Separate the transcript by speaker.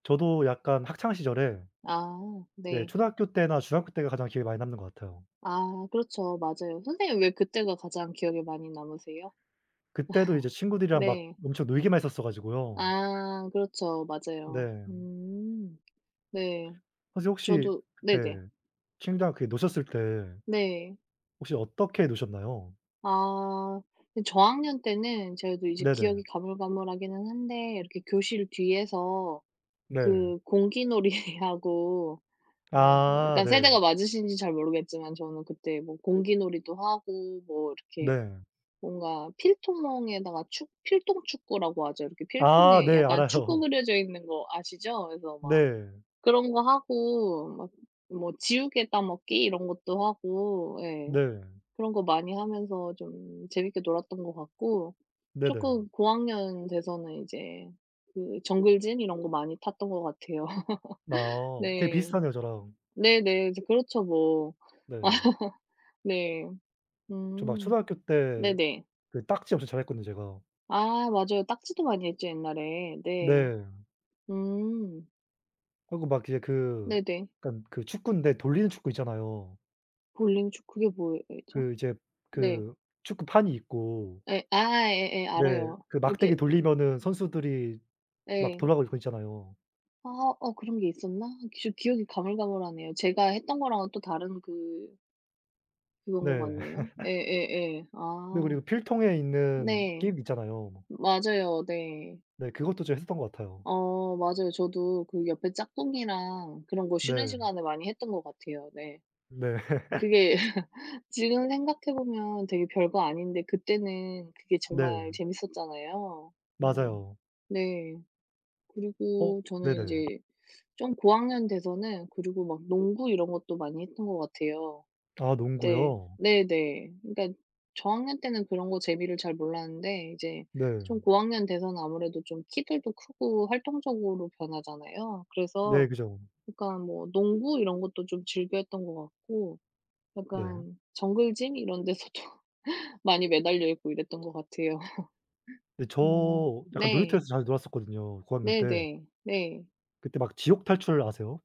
Speaker 1: 저도 약간 학창시절에
Speaker 2: 아
Speaker 1: 네
Speaker 2: 네.
Speaker 1: 초등학교 때나 중학교 때가 가장 기억에 많이 남는 것 같아요.
Speaker 2: 아 그렇죠. 맞아요. 선생님 왜 그때가 가장 기억에 많이 남으세요?
Speaker 1: 그때도 이제 친구들이랑 막
Speaker 2: 네.
Speaker 1: 엄청 놀기만 했었어 가지고요
Speaker 2: 아 그렇죠. 맞아요.
Speaker 1: 네.
Speaker 2: 음. 네.
Speaker 1: 선생님 혹시
Speaker 2: 저도 네네.
Speaker 1: 네 친구들이랑 그 노셨을 때
Speaker 2: 네.
Speaker 1: 혹시 어떻게 노셨나요?
Speaker 2: 아 그 저학년 때는 저도 이제
Speaker 1: 네네.
Speaker 2: 기억이 가물가물하기는 한데 이렇게 교실 뒤에서
Speaker 1: 네.
Speaker 2: 그 공기놀이하고 어
Speaker 1: 아
Speaker 2: 약간
Speaker 1: 네.
Speaker 2: 세대가 맞으신지 잘 모르겠지만 저는 그때 뭐 공기놀이도 하고 뭐 이렇게
Speaker 1: 네.
Speaker 2: 뭔가 필통 멍에다가 축 필통 축구라고 하죠. 이렇게
Speaker 1: 아
Speaker 2: 필통에
Speaker 1: 네
Speaker 2: 약간 축구
Speaker 1: 알아요.
Speaker 2: 그려져 있는 거 아시죠? 그래서 막
Speaker 1: 네.
Speaker 2: 그런 거 하고 막 뭐 지우개 따먹기 이런 것도 하고 예
Speaker 1: 네.
Speaker 2: 그런 거 많이 하면서 좀 재밌게 놀았던 것 같고,
Speaker 1: 네네.
Speaker 2: 쪼끔 고학년 돼서는 이제 그 정글짐 이런 거 많이 탔던 것 같아요.
Speaker 1: 아. 되게
Speaker 2: 네.
Speaker 1: 비슷하네요 저랑.
Speaker 2: 네네. 이제 그렇죠 뭐.
Speaker 1: 네.
Speaker 2: 네.
Speaker 1: 저 막
Speaker 2: 음.
Speaker 1: 초등학교 때
Speaker 2: 네네.
Speaker 1: 그 딱지 엄청 잘했거든요, 제가.
Speaker 2: 아 맞아요. 딱지도 많이 했죠 옛날에. 네.
Speaker 1: 네.
Speaker 2: 음.
Speaker 1: 하고 막 이게 그
Speaker 2: 네네.
Speaker 1: 약간 그 축구인데 돌리는 축구 있잖아요.
Speaker 2: 볼링 축구 그게 뭐였죠?
Speaker 1: 그 이제
Speaker 2: 네.
Speaker 1: 그 축구판이 있고
Speaker 2: 예 아 예예
Speaker 1: 네.
Speaker 2: 알아요.
Speaker 1: 그
Speaker 2: 이렇게
Speaker 1: 막대기 돌리면은 선수들이 막
Speaker 2: 예.
Speaker 1: 돌아가고 있는 거 있잖아요.
Speaker 2: 아 어 그런 게 있었나? 저 기억이 가물가물하네요. 제가 했던 거랑은 또 다른 그 그런 것
Speaker 1: 네.
Speaker 2: 같네요. 예예예.
Speaker 1: 네 그리고
Speaker 2: 아.
Speaker 1: 필통에 있는
Speaker 2: 네.
Speaker 1: 게임 있잖아요.
Speaker 2: 맞아요 네.
Speaker 1: 네. 그것도 제가 했었던 것 같아요.
Speaker 2: 어 맞아요. 저도 그 옆에 짝꿍이랑 그런 거 쉬는
Speaker 1: 네.
Speaker 2: 시간에 많이 했던 것 같아요. 네.
Speaker 1: 네.
Speaker 2: 그게 지금 생각해 보면 되게 별거 아닌데 그때는 그게 정말
Speaker 1: 네.
Speaker 2: 재밌었잖아요. 음
Speaker 1: 맞아요.
Speaker 2: 네.
Speaker 1: 어
Speaker 2: 그리고 저는
Speaker 1: 네네.
Speaker 2: 이제 좀 고학년 돼서는 그리고 막 농구 이런 것도 많이 했던 것 같아요.
Speaker 1: 아
Speaker 2: 네.
Speaker 1: 농구요?
Speaker 2: 네네. 그니까 저학년 때는 그런 거 재미를 잘 몰랐는데 이제
Speaker 1: 네.
Speaker 2: 좀 고학년 돼서는 아무래도 좀 키들도 크고 활동적으로 변하잖아요.
Speaker 1: 네
Speaker 2: 그래서
Speaker 1: 그죠.
Speaker 2: 약간 뭐 농구 이런 것도 좀 즐겨했던 것 같고
Speaker 1: 네.
Speaker 2: 약간 정글짐 이런 데서도 많이 매달려 있고 이랬던 것 같아요.
Speaker 1: 근데
Speaker 2: 음
Speaker 1: 저 약간
Speaker 2: 네.
Speaker 1: 놀이터에서 자주 놀았었거든요, 고학년 때.
Speaker 2: 네네. 네.
Speaker 1: 그때 막 지옥탈출 아세요?